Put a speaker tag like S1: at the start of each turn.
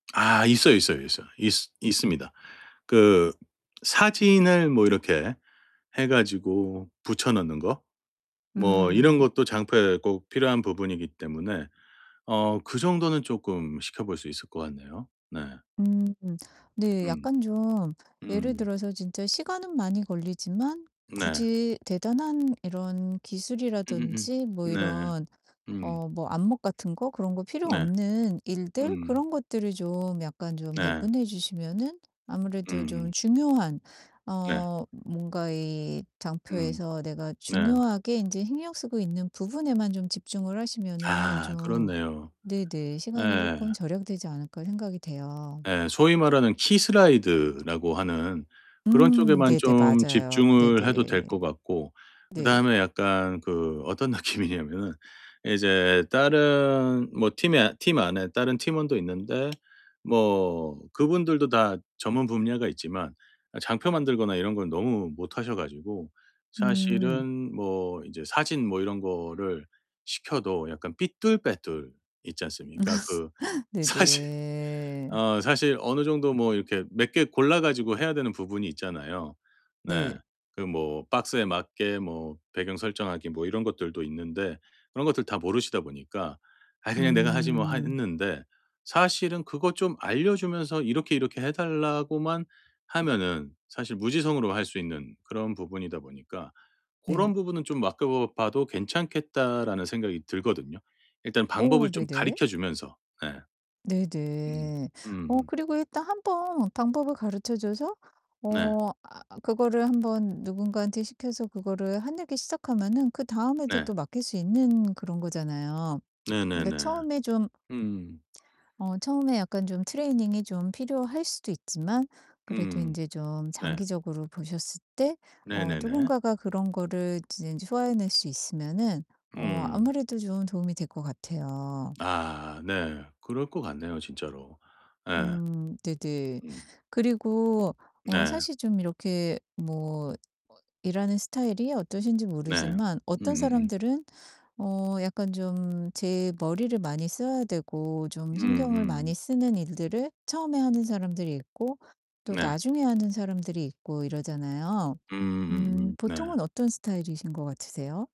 S1: 아 있어요, 있어요, 있어요. 있 있습니다. 그 사진을 뭐 이렇게 해 가지고 붙여 넣는 거. 뭐 이런
S2: 음.
S1: 것도 장표에 꼭 필요한 부분이기 때문에 어 그 정도는 쪼끔 시켜 볼 수 있을 것 같네요. 네.
S2: 음. 네
S1: 음.
S2: 약간 좀 예를
S1: 음.
S2: 들어서 진짜 시간은 많이 걸리지만
S1: 네.
S2: 굳이 대단한 이런
S1: 음음음.
S2: 기술이라든지 뭐
S1: 네.
S2: 이런
S1: 음.
S2: 어 뭐 안목 같은 거? 그런 거 필요
S1: 네.
S2: 없는 일들?
S1: 음.
S2: 그런 것들을 좀 약간 좀
S1: 네.
S2: 배분해 주시면은 아무래도 좀
S1: 음.
S2: 중요한
S1: 네.
S2: 어 뭔가 이
S1: 음.
S2: 장표에서 내가
S1: 네.
S2: 중요하게 인제 신경 쓰고 있는 부분에만 좀 집중을 하시면은
S1: 아
S2: 좀
S1: 그렇네요.
S2: 네네 시간이
S1: 예.
S2: 쪼끔 절약되지 않을까 생각이 돼요.
S1: 예 소위 말하는 키 슬라이드라고 하는 그런
S2: 음
S1: 쪽에만
S2: 네네.
S1: 좀
S2: 맞아요.
S1: 집중을 해도
S2: 네네.
S1: 될 것 같고. 그
S2: 네.
S1: 다음에 약간 그 어떤 느낌이냐면은 이제 다른 뭐 팀에 팀 안에 다른 팀원도 있는데 뭐 그분들도 다 전문 분야가 있지만 장표 만들거나 이런 건 너무 못 하셔 가지고
S2: 음.
S1: 사실은 뭐 이제 사진 뭐 이런 거를 시켜도 약간 삐뚤빼뚤 있지 않습니까. 그 사진
S2: 네네.
S1: 어 사실 어느 정도 뭐 이렇게 몇 개 골라 가지고 해야 되는 부분이 있잖아요. 네.
S2: 네.
S1: 그 뭐 박스에 맞게 뭐 배경 설정하기 뭐 이런 것들도 있는데 그런 것들 다 모르시다 보니까 '아 그냥 내가 하지 뭐.' 하
S2: 음.
S1: 했는데 사실은 그것 좀 알려 주면서 이렇게, 이렇게 해 달라고만 하면은 사실 무지성으로 할 수 있는 그런 부분이다 보니까
S2: 네.
S1: '고런 부분은 좀 맡겨 봐도 괜찮겠다.'라는 생각이 들거든요. 일단 방법을
S2: 오
S1: 좀
S2: 네네.
S1: 가르쳐 주면서. 예. 음.
S2: 네네. 어
S1: 음.
S2: 그리고 일단 1 번 방법을 가르쳐 줘서
S1: 네.
S2: 어 아 아 그거를 1 번 누군가한테 시켜서 그거를 하늘기 시작하면은 그다음에도
S1: 네.
S2: 또 맡길 수 있는 그런 거잖아요. 그러니까
S1: 네네네.
S2: 처음에 좀
S1: 음.
S2: 어 처음에 약간 좀 트레이닝이 좀 필요할 수도 있지만 그래도
S1: 음.
S2: 인제 좀
S1: 네.
S2: 장기적으로 보셨을 때 어
S1: 네네네.
S2: 누군가가 그런 거를 이제 소화해 낼 수 있으면은 어
S1: 음.
S2: 아무래도 좀 도움이 될 것 같아요.
S1: 아 네. 그럴 것 같네요 진짜로. 예.
S2: 음 네네.
S1: 음.
S2: 그리고 어
S1: 네.
S2: 사실 좀 이렇게 뭐 어 일하는 스타일이 어떠신지
S1: 네.
S2: 모르지만 어떤
S1: 음음음.
S2: 사람들은 어 약간 좀 제 머리를 많이 써야 되고 좀 신경을 많이
S1: 음음.
S2: 쓰는 일들을 처음에 하는 사람들이 있고 또
S1: 네.
S2: 나중에 하는 사람들이 있고 이러잖아요.
S1: 음
S2: 음
S1: 음음. 네.
S2: 보통은 어떤 스타일이신 것 같으세요?